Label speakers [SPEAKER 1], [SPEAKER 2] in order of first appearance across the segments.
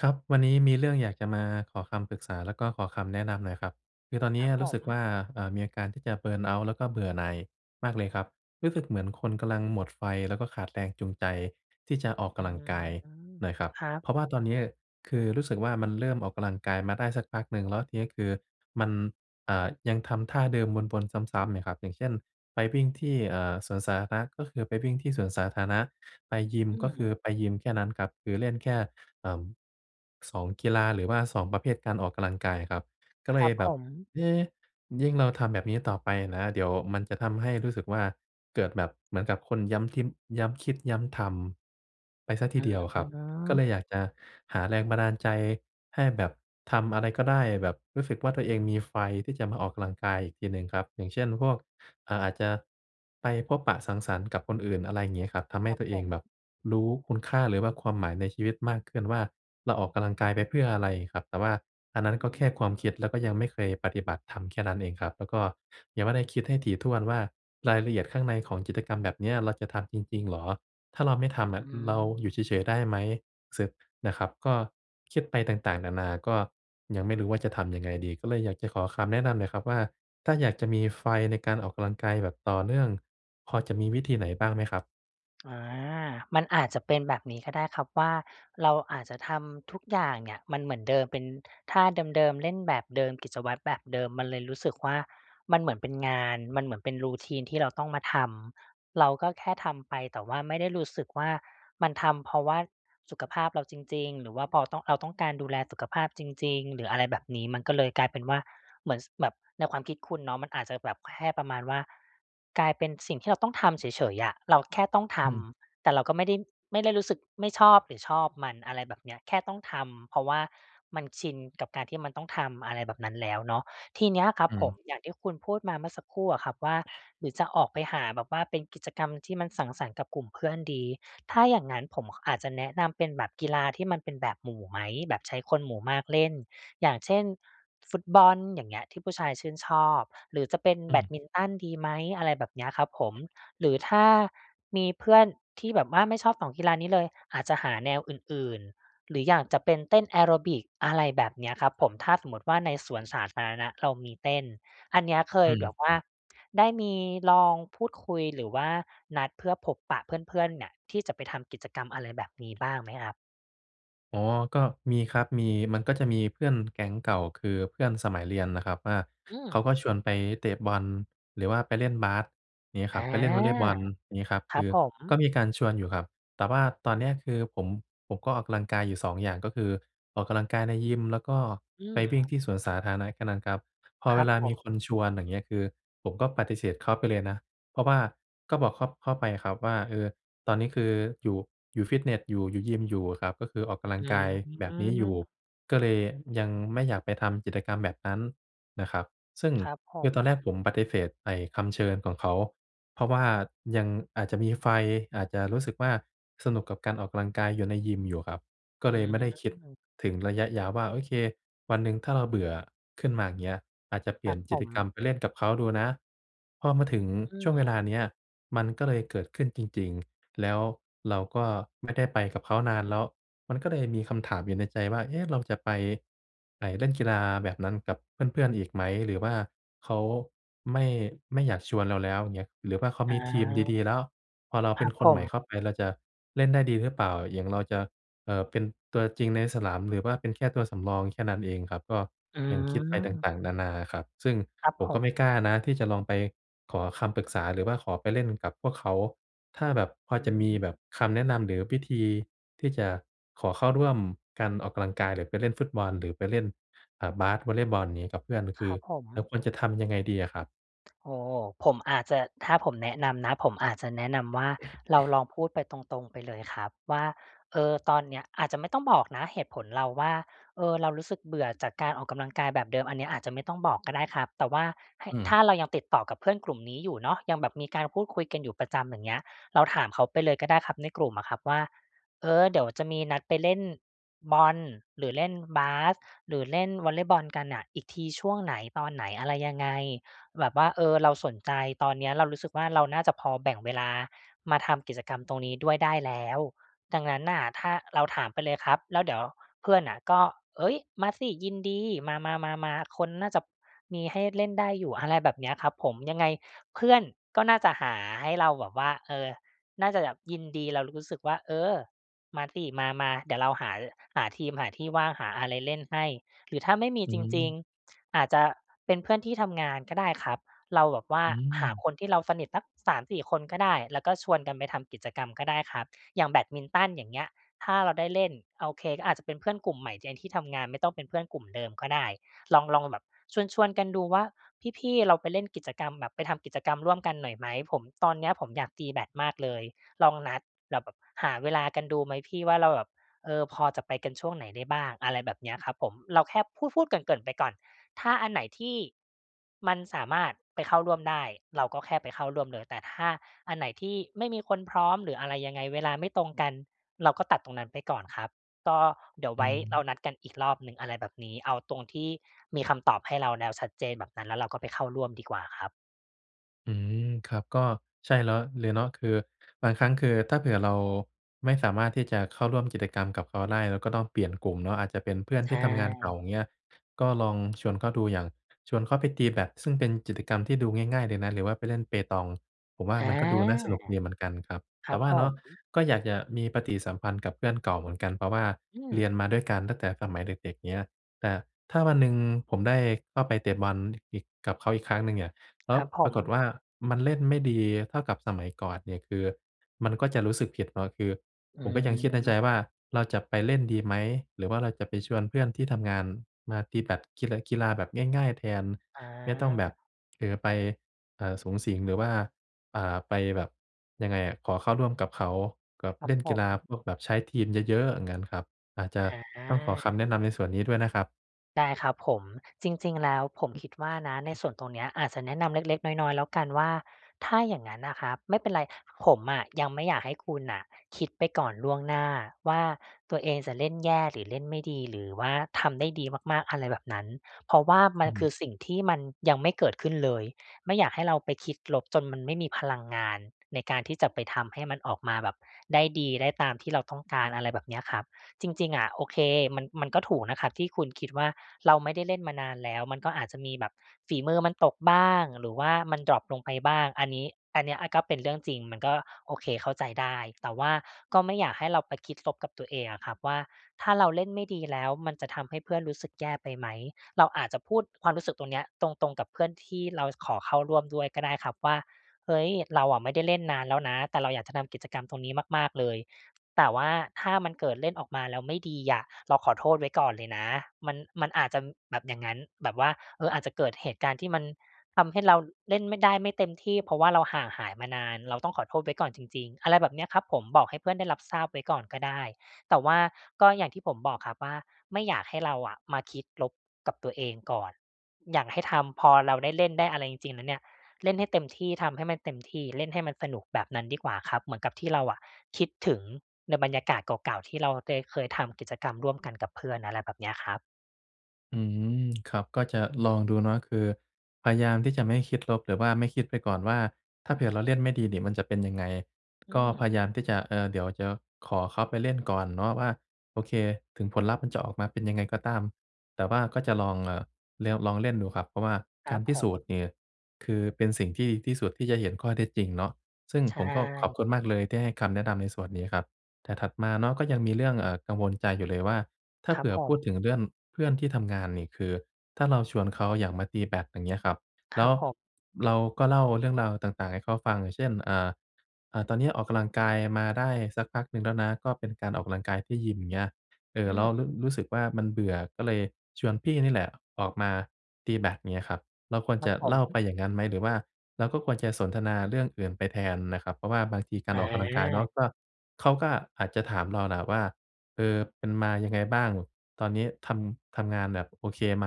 [SPEAKER 1] ครับ วันนี้มีเรื่องอยากจะมาขอคำปรึกษา แล้วก็ขอคำแนะนำหน่อยครับ คือตอนเน
[SPEAKER 2] ค
[SPEAKER 1] ี้
[SPEAKER 2] ร
[SPEAKER 1] ย
[SPEAKER 2] ับผ
[SPEAKER 1] รู้สึกว
[SPEAKER 2] ม
[SPEAKER 1] ่า อ่า มีอาการที่จะ เบิร์นเอาต์ แล้วก็เบื่อหน่ายมากเลยครับ รู้สึกเหมือนคนกำลังหมดไฟ แล้วก็ขาดแรงจูงใจที่จะออกก
[SPEAKER 2] อื
[SPEAKER 1] ำลัง
[SPEAKER 2] ม
[SPEAKER 1] กายหน่อยครับ
[SPEAKER 2] ครั
[SPEAKER 1] เ
[SPEAKER 2] บ
[SPEAKER 1] พราะว่าตอนนี้คือรู้สึกว่ามันเริ่มออกกำลังกายมาได้สักพักหนึ่ง แล้วทีนี้คือมัน อ่า ยังทำท่าเดิมวน ๆ ซ้ำ ๆ เนี่ยครับ อย่างเช่น ไปวิ่งที่ อ่า สวนสาธารณะก็คือไปวิ่งที่สวนสาธารณะ ไปยิม
[SPEAKER 2] อื
[SPEAKER 1] ก็คือ
[SPEAKER 2] ม
[SPEAKER 1] ไปยิมแค่นั้นครับ หรือเล่นแค่ อ่า 2 กีฬาหรือว่า 2 ประเภทการออกกำลังกายครับ ก็
[SPEAKER 2] ค
[SPEAKER 1] เล
[SPEAKER 2] รั
[SPEAKER 1] ย
[SPEAKER 2] บ
[SPEAKER 1] แบ
[SPEAKER 2] ผ
[SPEAKER 1] บ
[SPEAKER 2] ม
[SPEAKER 1] เอ๊ ยิ่งเราทำแบบนี้ต่อไปนะ เดี๋ยวมันจะทำให้รู้สึกว่าเกิดแบบเหมือนกับคนย้ำทิพย์ ย้ำคิดย้ำทำไปเสียท
[SPEAKER 2] อ
[SPEAKER 1] ี
[SPEAKER 2] ื
[SPEAKER 1] เดียวครับ ก็เลยอ
[SPEAKER 2] ม
[SPEAKER 1] ยากจะหาแรงบันดาลใจให้แบบทำอะไรก็ได้ แบบรู้สึกว่าตัวเองมีไฟที่จะมาออกกำลังกายอีกทีหนึ่งครับ อย่างเช่นพวก อ่า อาจจะไปพบปะสังสรรค์กับคนอื่น อะไรงี้ครับ ทำให
[SPEAKER 2] ค
[SPEAKER 1] ้
[SPEAKER 2] รั
[SPEAKER 1] ต
[SPEAKER 2] บ
[SPEAKER 1] ัวเ
[SPEAKER 2] ผ
[SPEAKER 1] อง
[SPEAKER 2] ม
[SPEAKER 1] แบบรู้คุณค่า หรือว่าความหมายในชีวิตมากขึ้นว่า เราออกกำลังกายไปเพื่ออะไรครับ แต่ว่าอันนั้น
[SPEAKER 2] อ
[SPEAKER 1] ก
[SPEAKER 2] ื
[SPEAKER 1] ็แค่ความคิด
[SPEAKER 2] ม
[SPEAKER 1] แล้วก็ยังไม่เคยปฏิบัติทำแค่นั้นเองครับ แล้วก็ยังไม่ได้คิดให้ถี่ถ้วนว่า รายละเอียดข้างในของกิจกรรมแบบเนี้ยเราจะทำจริง ๆ เหรอ ถ้าเราไม่ท
[SPEAKER 2] อื
[SPEAKER 1] ำอะเราอยู่
[SPEAKER 2] ม
[SPEAKER 1] เฉย ๆ ได้ไหม สึ นะครับ ก็คิดไปต่าง ๆ นานาก็ยังไม่รู้ว่าจะทำยังไงดี ก็เลยอยากจะขอคำแนะนำหน่อยครับว่า ถ้าอยากจะมีไฟในการออกกำลังกายแบบต่อเนื่อง พอจะมีวิธีไหนบ้างไหมครับ?
[SPEAKER 2] อา มันอาจจะเป็นแบบนี้ก็ได้ครับว่า เราอาจจะทำทุกอย่างเนี่ยมันเหมือนเดิม เป็นท่าเดิม ๆ เล่นแบบเดิม กิจวัตรแบบเดิม มันเลยรู้สึกว่า มันเหมือนเป็นงาน มันเหมือนเป็น routine ที่เราต้องมาทำ เราก็แค่ทำไป แต่ว่าไม่ได้รู้สึกว่า มันทำเพราะว่าสุขภาพเราจริง ๆ หรือว่าเพราะต้อง เรา ต้องการดูแลสุขภาพจริง ๆ หรืออะไรแบบนี้ มันก็เลยกลายเป็นว่า เหมือน ส แบบในความคิดคุณเนาะ มันอาจจะแบบแค่ประมาณว่า กลายเป็นสิ่งที่เราต้องทำเฉย ๆ อะ เราแค่ต้องท
[SPEAKER 1] อืม
[SPEAKER 2] ำ แต่เราก็ไม่ได้ ไม่ได้รู้สึกไม่ชอบหรือชอบมัน อะไรแบบเนี้ย แค่ต้องทำ เพราะว่ามันชินกับการที่มันต้องทำ อะไรแบบนั้นแล้วเนาะ ทีเนี้ยครั
[SPEAKER 1] อ
[SPEAKER 2] บ
[SPEAKER 1] ื
[SPEAKER 2] ผม
[SPEAKER 1] ม
[SPEAKER 2] อย่างที่คุณพูดมาเมื่อสักครู่อะครับว่า หรือจะออกไปหาแบบว่าเป็นกิจกรรมที่มันสังสรรค์กับกลุ่มเพื่อนดี ถ้าอย่างงั้นผม ข อาจจะแนะนำเป็นแบบกีฬาที่มันเป็นแบบหมู่ไหม? แบบใช้คนหมู่มากเล่น อย่างเช่น ฟุตบอล อย่างเงี้ย ที่ผู้ชายชื่นชอบ หรือจะเป็น
[SPEAKER 1] อื
[SPEAKER 2] แบ
[SPEAKER 1] ม
[SPEAKER 2] ดมินตันดีไหม? อะไรแบบเนี้ยครับผม หรือถ้ามีเพื่อนที่แบบว่าไม่ชอบ 2 กีฬานี้เลย อาจจะหาแนวอื่น ๆ หรืออย่างจะเป็นเต้นแอโรบิก อะไรแบบเนี้ยครับผม ถ้าสมมติว่า ในสวนสาธารณะเรามีเต้น อันเนี้ยเค
[SPEAKER 1] อื
[SPEAKER 2] ยแบ
[SPEAKER 1] ม
[SPEAKER 2] บว่าได้มีลองพูดคุย หรือว่านัดเพื่อพบปะเพื่อน ๆ เนี่ยที่จะไปทำกิจกรรมอะไรแบบนี้ บ้างไหมครับ?
[SPEAKER 1] อ๋อ ก็มีครับมี มันก็จะมีเพื่อนแก๊งเก่า คือเพื่อนสมัยเรียนนะครับว่า
[SPEAKER 2] อื
[SPEAKER 1] เขา
[SPEAKER 2] ม
[SPEAKER 1] ก็ชวนไปเตะบอล หรือว่าไปเล่นบาส เงี้ย
[SPEAKER 2] อ
[SPEAKER 1] ค
[SPEAKER 2] า
[SPEAKER 1] รับ ไปเล่นวอลเลย์บอลงี้ครับ
[SPEAKER 2] ค
[SPEAKER 1] ค
[SPEAKER 2] รั
[SPEAKER 1] ื
[SPEAKER 2] บ
[SPEAKER 1] อ
[SPEAKER 2] ผ
[SPEAKER 1] ก็
[SPEAKER 2] ม
[SPEAKER 1] มีการชวนอยู่ครับ แต่ว่าตอนเนี้ยคือผม ผมก็ออกกำลังกายอยู่ 2 อย่าง ก็คือออกกำลังกายในยิม แล้วก็
[SPEAKER 2] อื
[SPEAKER 1] ไปวิ่
[SPEAKER 2] ม
[SPEAKER 1] งที่สวนสาธารณะกันน่ะครับ พอ
[SPEAKER 2] คร
[SPEAKER 1] เว
[SPEAKER 2] ับ
[SPEAKER 1] ลา
[SPEAKER 2] ผ
[SPEAKER 1] มีคน
[SPEAKER 2] ม
[SPEAKER 1] ชวน อย่างเงี้ย คือผมก็ปฏิเสธเขาไปเลยนะ เพราะว่าก็บอกเขา เขาไปครับว่า เออ ตอนนี้คืออยู่ อยู่ฟิตเนสอยู่ อยู่ยิมอยู่อะครับ ก็คือออกกำลั
[SPEAKER 2] อื
[SPEAKER 1] งกายแบบนี้อยู่
[SPEAKER 2] ม
[SPEAKER 1] ก็เลยยังไม่อยากไปทำกิจกรรมแบบนั้นนะครับ ซึ่ง
[SPEAKER 2] ครับผ
[SPEAKER 1] คือ
[SPEAKER 2] ม
[SPEAKER 1] ตอนแรกผมปฏิเสธไอ้คำเชิญของเขา เพราะว่ายังอาจจะมีไฟ อาจจะรู้สึกว่าสนุกกับการออกกำลังกายอยู่ในยิมอยู่ครับ ก็
[SPEAKER 2] อื
[SPEAKER 1] เลยไม่ได้คิด
[SPEAKER 2] ม
[SPEAKER 1] ถึงระยะยาวว่า โอเค วันหนึ่งถ้าเราเบื่อขึ้นมาเงี้ย อาจจะเปล
[SPEAKER 2] ค
[SPEAKER 1] ี
[SPEAKER 2] ร
[SPEAKER 1] ่ย
[SPEAKER 2] ั
[SPEAKER 1] น
[SPEAKER 2] บผ
[SPEAKER 1] กิจกรร
[SPEAKER 2] ม
[SPEAKER 1] มไปเล่นกับเขาดูนะ พอมาถึง
[SPEAKER 2] อื
[SPEAKER 1] ช่วงเวล
[SPEAKER 2] ม
[SPEAKER 1] าเนี้ยมันก็เลยเกิดขึ้นจริง ๆ แล้วเราก็ไม่ได้ไปกับเขานานแล้วมันก็เลยมีคำถามอยู่ในใจว่า เอ๊ะ เราจะไปไอ้เล่นกีฬาแบบนั้นกับเพื่อน ๆ อีกไหม หรือว่าเขาไม่ ไม่อยากชวนเราแล้วเงี้ย หรือว่าเขา
[SPEAKER 2] อ
[SPEAKER 1] มีทีม
[SPEAKER 2] า
[SPEAKER 1] ดี ๆ แล้ว พอเรา
[SPEAKER 2] ค
[SPEAKER 1] เป
[SPEAKER 2] ร
[SPEAKER 1] ็
[SPEAKER 2] ั
[SPEAKER 1] น
[SPEAKER 2] บ
[SPEAKER 1] ค
[SPEAKER 2] ผ
[SPEAKER 1] นใหม่เข
[SPEAKER 2] ม
[SPEAKER 1] ้าไปเราจะเล่นได้ดีหรือเปล่า อย่างเราจะ เอ่อ เป็นตัวจริงในสนาม หรือว่าเป็นแค่ตัวสำรองแค่นั้นเองครับ ก็
[SPEAKER 2] อื
[SPEAKER 1] ยังคิดไปต
[SPEAKER 2] ม
[SPEAKER 1] ่าง ๆ นานาครับ ซึ่ง
[SPEAKER 2] ครับ
[SPEAKER 1] ผม
[SPEAKER 2] ผ
[SPEAKER 1] ก็ไ
[SPEAKER 2] ม
[SPEAKER 1] ม่กล้านะที่จะลองไปขอคำปรึกษา หรือว่าขอไปเล่นกับพวกเขา ถ้าแบบพอ
[SPEAKER 2] อ
[SPEAKER 1] จะมี
[SPEAKER 2] ืม
[SPEAKER 1] แบบคำแนะนำ หรือวิธีที่จะขอเข้าร่วมการออกกำลังกาย หรือไปเล่นฟุตบอล หรือไปเล่น อ่า บาส วอลเลย์บอล ยังงี้กับเพื่อน ค
[SPEAKER 2] ค
[SPEAKER 1] ื
[SPEAKER 2] ร
[SPEAKER 1] อ
[SPEAKER 2] ับผ
[SPEAKER 1] เรา
[SPEAKER 2] ม
[SPEAKER 1] ควรจะทำยังไงดีอะครับ?
[SPEAKER 2] โอ้ ผมอาจจะ ถ้าผมแนะนำนะ ผมอาจจะแนะนำว่า เราลองพูดไปตรง ๆ ไปเลยครับว่า เออ ตอนเนี้ย อาจจะไม่ต้องบอกนะเหตุผลเราว่า เออ เรารู้สึกเบื่อจากการออกกำลังกายแบบเดิม อันเนี้ยอาจจะไม่ต้องบอกก็ได้ครับ แต่ว่าให้
[SPEAKER 1] อื
[SPEAKER 2] ถ
[SPEAKER 1] ม
[SPEAKER 2] ้าเรายังติดต่อกับเพื่อนกลุ่มนี้อยู่เนาะ ยังแบบมีการพูดคุยกันอยู่ประจำ อย่างเงี้ย เราถามเขาไปเลยก็ได้ครับ ในกลุ่มอะครับว่า เออ เดี๋ยวจะมีนัดไปเล่นบอล หรือเล่นบาส หรือเล่นวอลเลย์บอลกันน่ะ อีกทีช่วงไหน ตอนไหน อะไรยังไง แบบว่า เออ เราสนใจ ตอนเนี้ยเรารู้สึกว่า เราน่าจะพอแบ่งเวลามาทำกิจกรรมตรงนี้ด้วยได้แล้ว ดังนั้นน่ะ ถ้า เราถามไปเลยครับ แล้วเดี๋ยวเพื่อนน่ะก็ "เฮ้ย มาสิ ยินดี มา ๆ ๆ ๆ คนน่าจะมีให้เล่นได้อยู่" อะไรแบบเนี้ยครับผม ยังไงเพื่อนก็น่าจะหาให้เราแบบว่า เออ น่าจะแบบยินดี แล้วรู้สึกว่า "เออ มาสิ มา ๆ เดี๋ยวเราหา ร หาทีม หาที่ว่าง หาอะไรเล่นให้" หรือถ้าไม่มี
[SPEAKER 1] อื
[SPEAKER 2] จริง
[SPEAKER 1] ม
[SPEAKER 2] ๆ อาจจะเป็นเพื่อนที่ทำงานก็ได้ครับ เราแบบว่า
[SPEAKER 1] อื
[SPEAKER 2] หา
[SPEAKER 1] ม
[SPEAKER 2] คนที่เราสนิทสัก 3-4 คนก็ได้ แล้วก็ชวนกันไปทำกิจกรรมก็ได้ครับ อย่างแบดมินตัน อย่างเงี้ย ถ้าเราได้เล่น โอเค ก็อาจจะเป็นเพื่อนกลุ่มใหม่ในที่ทำงาน ไม่ต้องเป็นเพื่อนกลุ่มเดิมก็ได้ ลอง ลองแบบชวน ๆ กันดูว่า พี่ ๆ เราไปเล่นกิจกรรมแบบ ไปทำกิจกรรมร่วมกันหน่อยไหม ผม ตอนเนี้ยผมอยากตีแบดมากเลย ลองนัดแล้วแบบหาเวลากันดูไหมพี่ว่า เราแบบ เออ พอจะไปกันช่วงไหนได้บ้าง อะไรแบบเนี้ยครับผม เราแค่พูด ๆ เกริ่น ๆ ไปก่อน ถ้าอันไหนที่มันสามารถไปเข้าร่วมได้ เราก็แค่ไปเข้าร่วมเลย แต่ถ้าอันไหนที่ไม่มีคนพร้อม หรืออะไรยังไง เวลาไม่ตรงกัน เราก็ตัดตรงนั้นไปก่อนครับ ก็เดี๋ยว
[SPEAKER 1] อ
[SPEAKER 2] ไ
[SPEAKER 1] ื
[SPEAKER 2] ว้
[SPEAKER 1] ม
[SPEAKER 2] เรานัดกันอีกรอบหนึ่ง อะไรแบบนี้ เอาตรงที่มีคำตอบให้เราแล้วชัดเจน แบบนั้น แล้วเราก็ไปเข้าร่วมดีกว่าครับ
[SPEAKER 1] อืม ครับ ก็ใช่แล้วเลยเนาะ คือบางครั้งคือถ้าเผื่อเราไม่สามารถที่จะเข้าร่วมกิจกรรมกับเขาได้ เราก็ต้องเปลี่ยนกลุ่มเนาะ อาจจะเป็นเพื่อน
[SPEAKER 2] ใช
[SPEAKER 1] ที่ทำงานเก่า
[SPEAKER 2] ่
[SPEAKER 1] เงี้ย ก็ลองชวนเขาดู อย่างชวนเขาไปตีแบด ซึ่งเป็นกิจกรรมที่ดูง่าย ๆ เลยนะ หรือว่าไปเล่นเปตอง ผมว่า
[SPEAKER 2] อา
[SPEAKER 1] มันก็ดูน่าสนุกดีเหมือนกันครับ
[SPEAKER 2] ค
[SPEAKER 1] แ
[SPEAKER 2] ร
[SPEAKER 1] ต
[SPEAKER 2] ั
[SPEAKER 1] ่
[SPEAKER 2] บ
[SPEAKER 1] ว่
[SPEAKER 2] ผ
[SPEAKER 1] าเนาะ
[SPEAKER 2] ม
[SPEAKER 1] ก็อยากจะมีปฏิสัมพันธ์กับเพื่อนเก่าเหมือนกัน เพราะว่า
[SPEAKER 2] อื
[SPEAKER 1] เรียน
[SPEAKER 2] ม
[SPEAKER 1] มาด้วยกันตั้งแต่สมัยเด็ก ๆ เงี้ย แต่ถ้าวันหนึ่งผมได้เข้าไปเตะบอลอีก กับเขาอีกครั้งหนึ่งเนี่ย แล้
[SPEAKER 2] ค
[SPEAKER 1] ว
[SPEAKER 2] รับผ
[SPEAKER 1] ปรา
[SPEAKER 2] ม
[SPEAKER 1] กฏว่ามันเล่นไม่ดีเท่ากับสมัยก่อนเนี่ย คือมันก็จะรู้สึกผิดเนาะ คือ
[SPEAKER 2] อื
[SPEAKER 1] ผมก็ยังคิดในใจว่า
[SPEAKER 2] ม
[SPEAKER 1] เราจะไปเล่นดีไหม? หรือว่าเราจะไปชวนเพื่อนที่ทำงานมาดีแบด กีฬะ กีฬาแบบง่าย ๆ แทน ไม่ต้องแบ
[SPEAKER 2] อา
[SPEAKER 1] บ เออ ไป เอ่อ สุงสิง หรือว่า อา ไปแบบ ยังไงอะ ขอเข้าร่วมกับเขาแบบ
[SPEAKER 2] ครั
[SPEAKER 1] เ
[SPEAKER 2] บ
[SPEAKER 1] ล่น
[SPEAKER 2] ผ
[SPEAKER 1] กีฬา
[SPEAKER 2] ม
[SPEAKER 1] พวกแบบใช้ทีมเยอะ ๆ อย่างงั้นครับ อาจจ
[SPEAKER 2] อ
[SPEAKER 1] ะต้องขอค
[SPEAKER 2] า
[SPEAKER 1] ำแนะนำในส่วนนี้ด้วยนะครับ
[SPEAKER 2] ได้ครับผม จริง ๆ แล้วผมคิดว่านะ ในส่วนตรงเนี้ยอาจจะแนะนำเล็ก ๆ น้อย ๆ แล้วกันว่า ถ้าอย่างงั้นอะครับ ไม่เป็นไร ผมอะยังไม่อยากให้คุณน่ะคิดไปก่อนล่วงหน้าว่า ตัวเองจะเล่นแย่หรือเล่นไม่ดี หรือว่าทำได้ดีมาก ๆ อะไรแบบนั้น เพราะว่ามั
[SPEAKER 1] อ
[SPEAKER 2] นค
[SPEAKER 1] ืม
[SPEAKER 2] ือสิ่งที่มันยังไม่เกิดขึ้นเลย ไม่อยากให้เราไปคิดลบจนมันไม่มีพลังงาน ในการที่จะไปทำให้มันออกมาแบบได้ดี ได้ตามที่เราต้องการ อะไรแบบเนี้ยครับ จริง ๆ อะ โอเค มัน มันก็ถูกนะครับที่คุณคิดว่า เราไม่ได้เล่นมานานแล้ว มันก็อาจจะมีแบบฝีมือมันตกบ้าง หรือว่ามันดร็อปลงไปบ้าง อันนี้ อันเนี้ยอะก็เป็นเรื่องจริง มันก็โอเค เข้าใจได้ แต่ว่าก็ไม่อยากให้เราไปคิดลบกับตัวเองอะครับว่า ถ้าเราเล่นไม่ดี แล้วมันจะทำให้เพื่อนรู้สึกแย่ไปไหม เราอาจจะพูดความรู้สึกตรงเนี้ย ตรง ๆ กับเพื่อนที่เราขอเข้าร่วมด้วยก็ได้ครับว่า เฮ้ย เราอะไม่ได้เล่นนานแล้วนะ แต่เราอยากจะทำกิจกรรมตรงนี้มาก ๆ เลย แต่ว่าถ้ามันเกิดเล่นออกมาแล้วไม่ดีอะ เราขอโทษไว้ก่อนเลยนะ มัน มันอาจจะแบบอย่างงั้น แบบว่า เออ อาจจะเกิดเหตุการณ์ที่มันทำให้เราเล่นไม่ ได้ไม่เต็มที่ เพราะว่าเราห่างหายมานาน เราต้องขอโทษไว้ก่อนจริง ๆ อะไรแบบเนี้ยครับผม บอกให้เพื่อนได้รับทราบไว้ก่อนก็ได้ แต่ว่าก็อย่างที่ผมบอกครับว่าไม่อยากให้เราอะมาคิดลบกับตัวเองก่อน อยากให้ทำพอเราได้เล่น ได้อะไรจริง ๆ แล้วเนี่ย เล่นให้เต็มที่ ทำให้มันเต็มที่ เล่นให้มันสนุกแบบนั้นดีกว่าครับ เหมือนกับที่เราอะคิดถึงในบรรยากาศเก่า ๆ ที่เราได้เคยทำกิจกรรมร่วมกันกับเพื่อน อะไรแบบเนี้ยครับ
[SPEAKER 1] อืม ครับ ก็จะลองดูเนาะ คือพยายามที่จะไม่คิดลบ หรือว่าไม่คิดไปก่อนว่า ถ้าเผื่อเราเล่นไม่ดีนี่ มันจะเป็นยังไง
[SPEAKER 2] อื
[SPEAKER 1] ก็
[SPEAKER 2] ม
[SPEAKER 1] พยายามที่จะ เออ เดี๋ยวจะขอเขาไปเล่นก่อนเนาะว่า โอเค ถึงผลลัพธ์มันจะออกมาเป็นยังไงก็ตาม แต่ว่าก็จะลอง เอ่อ เลว ลองเล่นดูครับ เพราะว่า
[SPEAKER 2] ค
[SPEAKER 1] ก
[SPEAKER 2] ร
[SPEAKER 1] า
[SPEAKER 2] ั
[SPEAKER 1] ร
[SPEAKER 2] บ
[SPEAKER 1] พิ
[SPEAKER 2] ผ
[SPEAKER 1] สู
[SPEAKER 2] ม
[SPEAKER 1] จน์นี่ คือเป็นสิ่งที่ดีที่สุดที่จะเห็นข้อเท็จจริงเนาะ ซึ่ง
[SPEAKER 2] ใช
[SPEAKER 1] ผมก็ขอบคุ
[SPEAKER 2] ่
[SPEAKER 1] ณมากเลย ที่ให้คำแนะนำในส่วนนี้ครับ แต่ถัดมาเนาะ ก็ยังมีเรื่อง เอ่อ กังวลใจอยู่เลยว่า ถ้า
[SPEAKER 2] ค
[SPEAKER 1] เ
[SPEAKER 2] ร
[SPEAKER 1] ผ
[SPEAKER 2] ับ
[SPEAKER 1] ื่อ
[SPEAKER 2] ผ
[SPEAKER 1] พูด
[SPEAKER 2] ม
[SPEAKER 1] ถึงเรื่องเพื่อนที่ทำงานนี่ คือถ้าเราชวนเขาอย่างมาตีแบด อย่างเงี้ยครับ
[SPEAKER 2] ค
[SPEAKER 1] แล
[SPEAKER 2] ร
[SPEAKER 1] ้
[SPEAKER 2] ั
[SPEAKER 1] ว
[SPEAKER 2] บผม
[SPEAKER 1] เราก็เล่าเรื่องราวต่าง ๆ ให้เขาฟัง อย่างเช่น อ่า อา ตอนนี้ออกกำลังกายมาได้สักพักหนึ่งแล้วนะ ก็เป็นการออกกำลังกายที่ยิม อย่างเงี้ย เอ่
[SPEAKER 2] อ
[SPEAKER 1] อ
[SPEAKER 2] ื
[SPEAKER 1] แล้ว
[SPEAKER 2] ม
[SPEAKER 1] ร รู้สึกว่ามันเบื่อ ก็เลยชวนพี่นี่แหละออกมาตีแบด อย่างเงี้ยครับ เราควร
[SPEAKER 2] คร
[SPEAKER 1] จ
[SPEAKER 2] ับ
[SPEAKER 1] ะ
[SPEAKER 2] ผ
[SPEAKER 1] เล่าไป
[SPEAKER 2] ม
[SPEAKER 1] อย่างงั้นไหม? หรือว่าเราก็ควรจะสนทนาเรื่องอื่นไปแทนน่ะครับ? เพราะว่าบางทีการออกกำลังกายเนา
[SPEAKER 2] อา
[SPEAKER 1] ะ ก็ เขาก็อาจจะถามเรานะครับว่า "เออ เป็นมายังไงบ้าง ตอนนี้ทำ ทำงานแบบโอเคไหม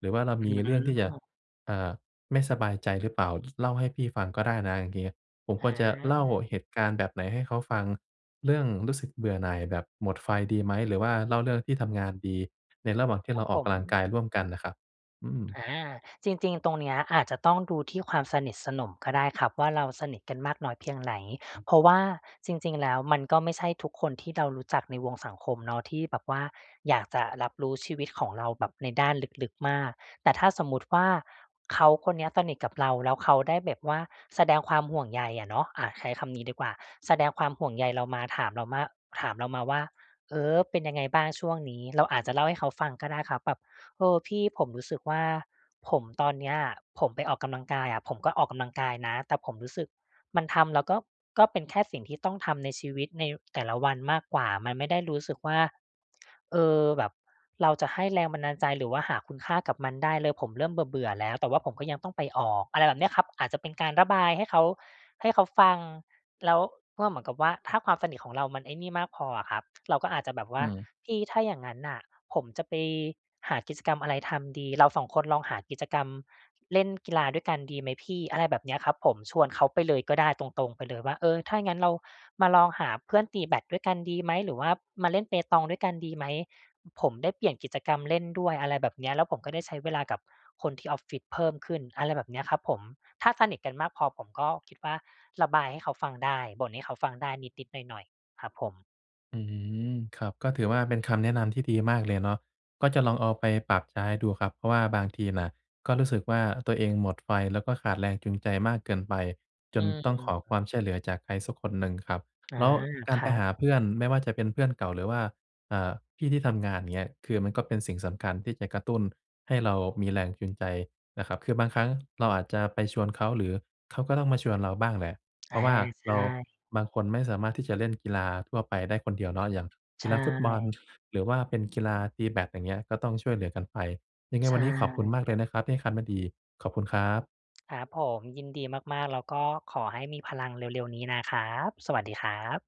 [SPEAKER 1] หรือว่าเรา
[SPEAKER 2] อ
[SPEAKER 1] ม
[SPEAKER 2] ื
[SPEAKER 1] ีเรื่องที่จะ
[SPEAKER 2] ม
[SPEAKER 1] เอ่อ ไม่สบายใจหรือเปล่า ล เล่าให้พี่ฟังก็ได้นะอย่างงี้" ผม
[SPEAKER 2] อ
[SPEAKER 1] ควรจะเล่า
[SPEAKER 2] า
[SPEAKER 1] เหตุการณ์แบบไหนให้เขาฟัง เรื่องรู้สึกเบื่อหน่ายแบบหมดไฟดีไหม? หรือว่าเล่าเรื่องที่ทำงานดี? ในระหว่างที่
[SPEAKER 2] ค
[SPEAKER 1] เ
[SPEAKER 2] ร
[SPEAKER 1] ร
[SPEAKER 2] ั
[SPEAKER 1] า
[SPEAKER 2] บ
[SPEAKER 1] อ
[SPEAKER 2] ผ
[SPEAKER 1] อกก
[SPEAKER 2] ม
[SPEAKER 1] ำลังกายร่วมกันน่ะครับ อืม
[SPEAKER 2] อา จริง ๆ ตรงเนี้ย อาจจะต้องดูที่ความสนิทสนมก็ได้ครับว่า เราสนิทกันมากน้อยเพียงไหน เพราะว่าจริง ๆ แล้ว มันก็ไม่ใช่ทุกคนที่เรารู้จักในวงสังคมเนาะ ที่แบบว่าอยากจะรับรู้ชีวิตของเราแบบในด้านลึก ๆ มาก แต่ถ้าสมมติว่า เขาคนเนี้ยสนิทกับเรา แล้วเขาได้แบบว่าแสดงความห่วงใยอะเนาะ อา ใช้คำนี้ดีกว่า แสดงความห่วงใยเรามา ถามเราว่า ถามเรามาว่า "เออ เป็นยังไงบ้างช่วงนี้" เราอาจจะเล่าให้เขาฟังก็ได้ครับแบบ เออ พี่ ผมรู้สึกว่า ผมตอนเนี้ยอะ ผมไปออกกำลังกายอะ ผมก็ออกกำลังกายนะ แต่ผมรู้สึกมันทำแล้วก็ ก็เป็นแค่สิ่งที่ต้องทำในชีวิต ในแต่ละวันมากกว่า มันไม่ได้รู้สึกว่า เออ แบบเราจะให้แรงบันดาลใจ หรือว่าหาคุณค่ากับมันได้เลย ผมเริ่มเบื่อ ๆ แล้ว แต่ว่าผมก็ยังต้องไปออก อะไรแบบเนี้ยครับ อาจจะเป็นการระบายให้เขา ให้เขาฟัง แล้วก็เหมือนกับว่า ถ้าความสนิทของเรามันไอ้นี่มากพออะครับ เราก็อาจจะแบบว
[SPEAKER 1] อ
[SPEAKER 2] ่
[SPEAKER 1] ื
[SPEAKER 2] า
[SPEAKER 1] ม
[SPEAKER 2] เอ ถ้าอย่างงั้นน่ะ ผมจะไปหากิจกรรมอะไรทำดี เรา 2 คนลองหากิจกรรมเล่นกีฬาด้วยกันดีไหมพี่ อะไรแบบเนี้ยครับผม ชวนเขาไปเลยก็ได้ตรง ๆ ไปเลยว่า เออ ถ้าอย่างงั้นเรามาลองหาเพื่อนตีแบดด้วยกันดีไหม หรือว่ามาเล่นเปตองด้วยกันดีไหม ผมได้เปลี่ยนกิจกรรมเล่นด้วย อะไรแบบเนี้ย แล้วผมก็ได้ใช้เวลากับคนที่ออฟฟิศเพิ่มขึ้น อะไรแบบเนี้ยครับผม ถ้าสนิทกันมากพอ ผมก็คิดว่าระบายให้เขาฟังได้ บ่นให้เขาฟังได้นิด ๆ หน่อย ๆ ครับผม
[SPEAKER 1] อืม ครับ ก็ถือว่าเป็นคำแนะนำที่ดีมากเลยเนาะ ก็จะลองเอาไปปรับใช้ดูครับ เพราะว่าบางทีน่ะ ก็รู้สึกว่าตัวเองหมดไฟ แล้วก็ขาดแรงจูงใจมากเกินไป จ
[SPEAKER 2] อื
[SPEAKER 1] น
[SPEAKER 2] ม
[SPEAKER 1] ต้องขอความช่วยเหลือจากใครสักคนหนึ่งครับ
[SPEAKER 2] อา
[SPEAKER 1] แล้วก
[SPEAKER 2] ค
[SPEAKER 1] าร
[SPEAKER 2] ร
[SPEAKER 1] ไป
[SPEAKER 2] ับ
[SPEAKER 1] หาเพื่อน ไม่ว่าจะเป็นเพื่อนเก่า หรือว่า อ่า พี่ที่ทำงาน อย่างเงี้ย คือมันก็เป็นสิ่งสำคัญที่จะกระตุ้นให้เรามีแรงจูงใจนะครับ คือบางครั้งเราอาจจะไปชวนเขา หรือเขาก็ต้องมาชวนเราบ้างแหละ เ
[SPEAKER 2] อ
[SPEAKER 1] พรา
[SPEAKER 2] า
[SPEAKER 1] ะว่า
[SPEAKER 2] ใช
[SPEAKER 1] เรา
[SPEAKER 2] ่
[SPEAKER 1] บางคนไม่สามารถที่จะเล่นกีฬาทั่วไปได้คนเดียวเนาะ อย่างก
[SPEAKER 2] ใช
[SPEAKER 1] ีฬาฟุตบอล
[SPEAKER 2] ่
[SPEAKER 1] หรือว่าเป็นกีฬาตีแบด อย่างเงี้ย ก็ต้องช่วยเหลือกันไป ยังไง
[SPEAKER 2] ใช
[SPEAKER 1] วันนี้ขอบคุณ
[SPEAKER 2] ่
[SPEAKER 1] มากเลยนะครับ ที่ให้คัดมาดี ขอบคุณครับ
[SPEAKER 2] ครับผม ยินดีมาก ๆ แล้วก็ขอให้มีพลังเร็ว ๆ นี้นะครับ สวัสดีครับ